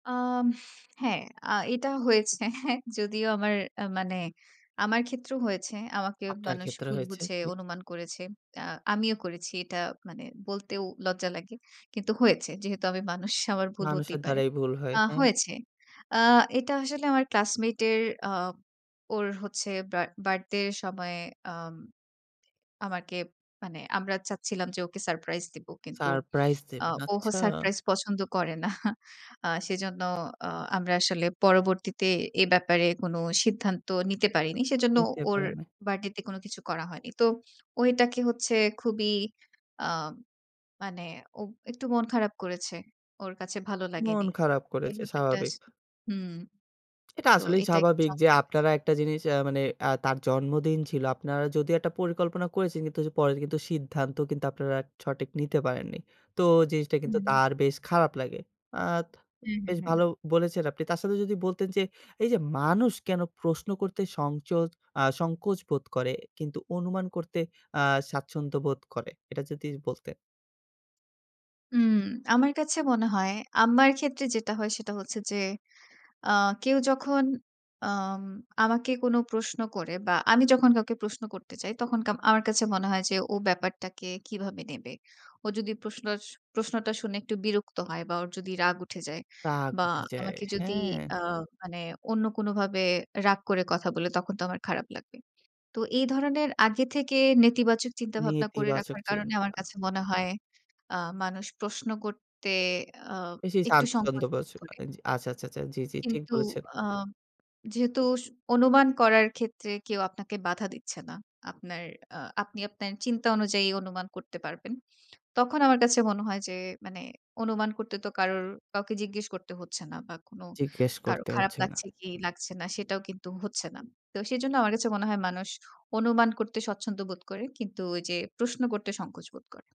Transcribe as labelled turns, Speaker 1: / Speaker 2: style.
Speaker 1: আম হ্যাঁ, আ এটা হয়েছে। যদিও আমার মানে আমার ক্ষেত্রেও হয়েছে। আমাকে
Speaker 2: আপনার
Speaker 1: মানুষ
Speaker 2: ক্ষেত্রে
Speaker 1: ভুল
Speaker 2: হয়েছে
Speaker 1: বুঝে
Speaker 2: কি?
Speaker 1: অনুমান করেছে। আ আমিও করেছি এটা মানে বলতেও লজ্জা লাগে কিন্তু হয়েছে। যেহেতু আমি মানুষ আমার ভুল
Speaker 2: মানুষের
Speaker 1: হতেই পারে।
Speaker 2: দ্বারাই ভুল হয়,
Speaker 1: আ
Speaker 2: হ্যাঁ।
Speaker 1: হয়েছে আ এটা আসলে আমার ক্লাসমেটের আ ওর হচ্ছে বা বার্থডে এর সময় আম আমাকে মানে আমরা চাচ্ছিলাম যে, ওকে সারপ্রাইজ দিব কিন্তু
Speaker 2: সারপ্রাইজ
Speaker 1: আ
Speaker 2: দেবেন
Speaker 1: ও
Speaker 2: আচ্ছা।
Speaker 1: সারপ্রাইজ পছন্দ করে না। আ সেজন্যও আমরা আসলে পরবর্তীতে এ ব্যাপারে কোনো সিদ্ধান্ত নিতে পারিনি। সেজন্য
Speaker 2: নিতে
Speaker 1: ওর
Speaker 2: পারে নাই।
Speaker 1: বার্থডেতে কোনো কিছু করা হয়নি। তো ও এটাকে হচ্ছে খুবই আ মানে ও একটু মন খারাপ করেছে। ওর কাছে ভালো
Speaker 2: মন
Speaker 1: লাগেনি
Speaker 2: খারাপ
Speaker 1: এই
Speaker 2: করেছে
Speaker 1: ব্যাপারটা স
Speaker 2: স্বাভাবিক।
Speaker 1: হুম।
Speaker 2: এটা
Speaker 1: তো
Speaker 2: আসলেই
Speaker 1: এটা একটু
Speaker 2: স্বাভাবিক যে,
Speaker 1: সমস্যা [unintelligible]
Speaker 2: আপনারা একটা জিনিস আ মানে আ তার জন্মদিন ছিল। আপনারা যদি একটা পরিকল্পনা করেছেন কিন্তু যে, পরে কিন্তু সিদ্ধান্ত কিন্তু আপনারা সঠিক নিতে পারেননি। তো জিনিসটা কিন্তু
Speaker 1: হুম।
Speaker 2: তার বেশ খারাপ লাগে আত
Speaker 1: হ্যাঁ, হ্যাঁ,
Speaker 2: বেশ
Speaker 1: হ্যাঁ।
Speaker 2: ভালো বলেছেন আপনি। তার সাথে যদি বলতেন, যে, এইযে মানুষ কেনো প্রশ্ন করতে সংচোদ আ সংকোচ বোধ করে কিন্তু অনুমান করতে আ স্বাচ্ছন্দ্য বোধ করে এটা যদি বলতেন?
Speaker 1: হুম, আমার কাছে মনে হয় আমার ক্ষেত্রে যেটা হয় সেটা হচ্ছে যে, আ কেউ যখন আম আমাকে কোনো প্রশ্ন করে বা আমি যখন কাউকে প্রশ্ন করতে চাই তখন কা আমার কাছে মনে হয় যে, ও ব্যাপারটাকে কিভাবে নেবে। ও যদি প্রশআস প্রশ্নটা শুনে একটু বিরক্ত হয় বা ওর যদি রাগ উঠে যায়
Speaker 2: রাগ
Speaker 1: বা
Speaker 2: উঠে যায়,
Speaker 1: আমাকে যদি
Speaker 2: হ্যাঁ।
Speaker 1: আ মানে অন্য কোনোভাবে রাগ করে কথা বলে তখন তো আমার খারাপ লাগবে। তো এই ধরনের আগে থেকে নেতিবাচক চিন্তাভাবনা করে
Speaker 2: নেতিবাচক
Speaker 1: রাখার কারণে
Speaker 2: চিন্তা।
Speaker 1: আমার কাছে মনে হয় আ মানুষ প্রশ্ন করতে আ
Speaker 2: বেশি
Speaker 1: একটু
Speaker 2: স্বচ্ছন্দ
Speaker 1: সংকোচ বোধ
Speaker 2: [unintelligible] করে,
Speaker 1: করে
Speaker 2: আচ্ছা, আচ্ছা, আচ্ছা, জি, জি, ঠিক
Speaker 1: কিন্তু
Speaker 2: বলেছেন।
Speaker 1: আম যেহেতু স অনুমান করার ক্ষেত্রে কেউ আপনাকে বাধা দিচ্ছে না। আপনার আ আপনি আপনার চিন্তা অনুযায়ী অনুমান করতে পারবেন। তখন আমার কাছে মনে হয় যে, মানে অনুমান করতে তো কারো কাউকে জিজ্ঞেস করতে হচ্ছে না বা কোনো
Speaker 2: জিজ্ঞেস
Speaker 1: কারো
Speaker 2: করতে
Speaker 1: খারাপ
Speaker 2: হচ্ছে না।
Speaker 1: লাগছে কি লাগছে না সেটাও কিন্তু হচ্ছে না। তো সেজন্য আমার কাছে মনে হয় মানুষ অনুমান করতে স্বচ্ছন্দ বোধ করে। কিন্তু ওইযে প্রশ্ন করতে সংকোচ বোধ করে।